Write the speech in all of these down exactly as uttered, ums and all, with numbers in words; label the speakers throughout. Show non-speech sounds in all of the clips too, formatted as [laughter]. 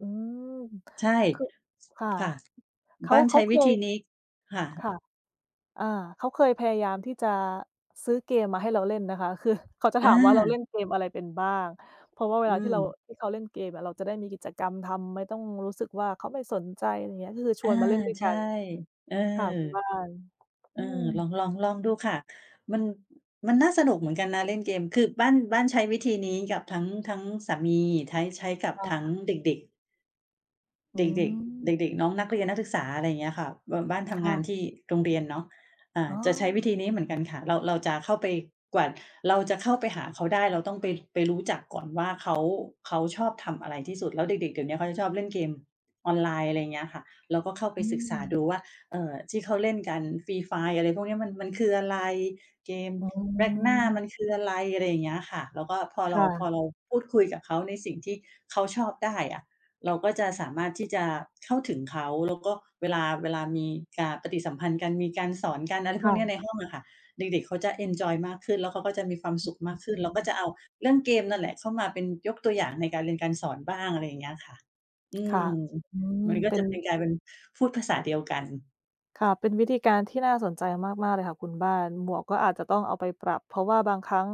Speaker 1: อืม
Speaker 2: ใช่
Speaker 1: คือ ค่ะ
Speaker 2: ค่ะ
Speaker 1: เข
Speaker 2: บ
Speaker 1: า
Speaker 2: ้าน
Speaker 1: เข
Speaker 2: ใช
Speaker 1: า
Speaker 2: ้
Speaker 1: เค
Speaker 2: วิธ
Speaker 1: ย
Speaker 2: ีนี้ ค่
Speaker 1: ค
Speaker 2: ะ
Speaker 1: ่ะ อา เขาเคยพยายามที่จะซื้อเกมมาให้เราเล่นนะคะ คือ เขาจะ
Speaker 2: อ
Speaker 1: ถามว่า เราเล่
Speaker 2: า
Speaker 1: นเกมอะไรเป็นบ้าง เพราะว่าเว
Speaker 2: อื
Speaker 1: ลาที่เรา
Speaker 2: ม
Speaker 1: ที่เขาเล่นเกมอะ เราจะได้มีกิจกรรมทำ ไม่ต้องรู้สึกว่าเขาไม่สนใจ อะไรเงี้ย ก็คือช
Speaker 2: อา
Speaker 1: วนมาเล่นด้วย
Speaker 2: ใช
Speaker 1: กั
Speaker 2: ่
Speaker 1: น
Speaker 2: เออ
Speaker 1: ค่ะ คุณบ้าน
Speaker 2: เอ
Speaker 1: อื
Speaker 2: อ ล
Speaker 1: ม
Speaker 2: อง ลอง ลองดูค่ะ มัน อ มันน่าสนุกเหมือนกันนะเล่นเกม คือบ้าน บ้านใช้วิธีนี้กับทั้ง ทั้งสามี ไท้ ใช้กับ
Speaker 1: ค่
Speaker 2: ทั้ง
Speaker 1: ะ
Speaker 2: เด็ก ๆ
Speaker 1: อื
Speaker 2: เด็ก ๆ เ
Speaker 1: ม
Speaker 2: ด็ก ๆ น้องนักเรียน นักศึกษา อะไรอย่างเงี้ยค่ะ บ บ้านท
Speaker 1: ค
Speaker 2: ำ
Speaker 1: ่
Speaker 2: งา
Speaker 1: ะ
Speaker 2: นที่โรงเรียนเนาะ อ่า
Speaker 1: อ๋
Speaker 2: จะใช้วิ
Speaker 1: อ
Speaker 2: ธีนี้เหมือนกัน ค่ะ เรา เราจะเข้าไป กว่าเราจะเข้าไปหาเขาได้ เราต้องไป ไป รู้จักก่อนว่าเขา เขาชอบทำอะไรที่สุด แล้วเด็ก ๆ เดี๋ยวนี้เขาจะชอบเล่น เกมออนไลน์ อะไรอย่างเงี้ยค่ะ เราก็เข้าไป
Speaker 1: อื
Speaker 2: ศึกษาด
Speaker 1: ม
Speaker 2: ูว่า เอ่อ ที่เขาเล่นกัน Free Fire อะไรพวกนี้มัน มันคืออะไร เกม
Speaker 1: อ๋
Speaker 2: Vecna
Speaker 1: อ
Speaker 2: มันคืออะไร อะไรอย่างเงี้ยค่ะ แล้วก็พอ
Speaker 1: ค
Speaker 2: เรา
Speaker 1: ่
Speaker 2: พ
Speaker 1: ะ
Speaker 2: อเราพูดคุยกับเขาในสิ่งที่เขาชอบได้อะ เราก็จะสามารถที่ จะเข้าถึงเขา แล้วก็เวลา เวลามี อา ปฏิสัมพันธ์กัน มีการสอน กัน อะไร
Speaker 1: ค
Speaker 2: พ
Speaker 1: ่
Speaker 2: วก
Speaker 1: ะ
Speaker 2: นี้ในห้องอะค่ะ เด็ก ๆ เขาจะเอนจอยมากขึ้น แล้วเขาก็จะมีความ
Speaker 1: อ
Speaker 2: สุขม
Speaker 1: อ
Speaker 2: า
Speaker 1: ื
Speaker 2: ก
Speaker 1: ม
Speaker 2: ขึ
Speaker 1: อ
Speaker 2: ้
Speaker 1: ื
Speaker 2: น เราก็
Speaker 1: อ
Speaker 2: จะเอาเรื่องเกมนั่นแหละเข้ามาเป็น ยกตัวอย่างในการเรียนการสอนบ้าง อะไรอย่างเงี้ยค่ะ อื
Speaker 1: ค่ะ
Speaker 2: ม
Speaker 1: อืม
Speaker 2: มันก็
Speaker 1: เป็
Speaker 2: จ
Speaker 1: น
Speaker 2: ะเป็น กลายเป็นพูดภาษาเดียวกัน
Speaker 1: ค่ะ เป็นวิธีการที่น่าสนใจมาก ๆ เลยค่ะคุณบ้าน หมวกก็อาจจะต้องเอาไปปรับ เพราะว่าบางครั้ง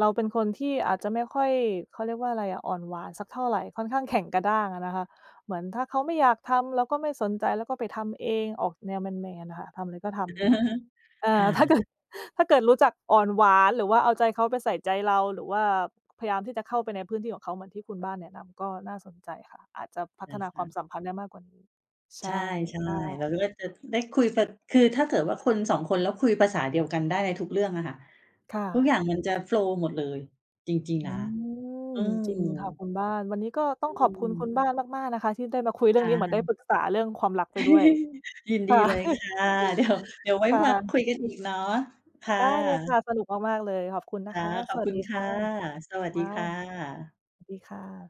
Speaker 1: เราเป็นคนที่อาจจะไม่ค่อย เขาเรียกว่าอะไรอะ อ่อนหวานสักเท่าไร ค่อนข้างแข็งกระด้างอะนะคะ เหมือนถ้าเขาไม่อยากทำ เราก็ไม่สนใจ แล้วก็ไปทำเอง ออกแนวแมน ๆ อะค่ะ ทำอะไรก็ทำ อะไรงี้
Speaker 2: [laughs]
Speaker 1: เอ่
Speaker 2: ค
Speaker 1: อ
Speaker 2: ่
Speaker 1: ถ้าเกิด
Speaker 2: ะ
Speaker 1: ถ้าเกิดรู้จักอ่อนหวาน หรือว่าเอาใจเขาไปใส่ใจเรา หรือว่าพยายามที่จะเข้าไปในพื้นที่ของเขาเหมือนที่คุณบ้านแนะนำ ก็น่าสนใจค่ะ อาจจะพั
Speaker 2: เหร
Speaker 1: ฒ
Speaker 2: อ
Speaker 1: นา
Speaker 2: ค
Speaker 1: ความ
Speaker 2: ะ?
Speaker 1: สัมพันธ์ได้มากกว่านี้ ใช
Speaker 2: ใช่
Speaker 1: ่ค่
Speaker 2: ๆ เร
Speaker 1: ะ
Speaker 2: าก็จะ ได้คุย พ คือถ้าเกิดว่าคน สอง คน แล้วคุยภาษาเดียวกันได้ในทุกเรื่องอะค่ะ
Speaker 1: ค่
Speaker 2: ทุกอ
Speaker 1: ะ
Speaker 2: ย่างมันจะ โฟลว์ หมดเลย จริง
Speaker 1: อื
Speaker 2: ๆ นะ
Speaker 1: ม
Speaker 2: อื
Speaker 1: จริงค่ะ
Speaker 2: ม
Speaker 1: คุณบ้าน วันนี้ก็ต้
Speaker 2: อ
Speaker 1: อ
Speaker 2: ื
Speaker 1: งขอบคุณ ค
Speaker 2: ม
Speaker 1: ุณบ้านมาก ๆ นะคะที่ได้มาคุยเรื่
Speaker 2: ค
Speaker 1: อง
Speaker 2: ่
Speaker 1: นี้ เหมือนได้
Speaker 2: ะ
Speaker 1: ปรึกษาเรื่องความรักไปด้วย
Speaker 2: [laughs] ยินด
Speaker 1: ค
Speaker 2: ี
Speaker 1: ่ะ
Speaker 2: เลยค่ะ เดี๋ยว เด
Speaker 1: [chuckles]
Speaker 2: ี๋ยวไว้
Speaker 1: ค่
Speaker 2: มา ค
Speaker 1: ะ
Speaker 2: ุยกันอีกเนาะ ค่
Speaker 1: ได้เลยค
Speaker 2: ะ
Speaker 1: ่ะ สนุกมาก ๆ เลย ขอบคุณน
Speaker 2: ค
Speaker 1: ะ
Speaker 2: ่
Speaker 1: ค
Speaker 2: ะ
Speaker 1: ะ
Speaker 2: ข
Speaker 1: ส
Speaker 2: อบ
Speaker 1: วั
Speaker 2: ค
Speaker 1: ส
Speaker 2: ุ
Speaker 1: ด
Speaker 2: ณ
Speaker 1: ี
Speaker 2: ค
Speaker 1: ค่
Speaker 2: ่ะ
Speaker 1: ะ
Speaker 2: สวัส
Speaker 1: ค
Speaker 2: ดี
Speaker 1: ่ะ
Speaker 2: ค่ะ
Speaker 1: ดีค่ะ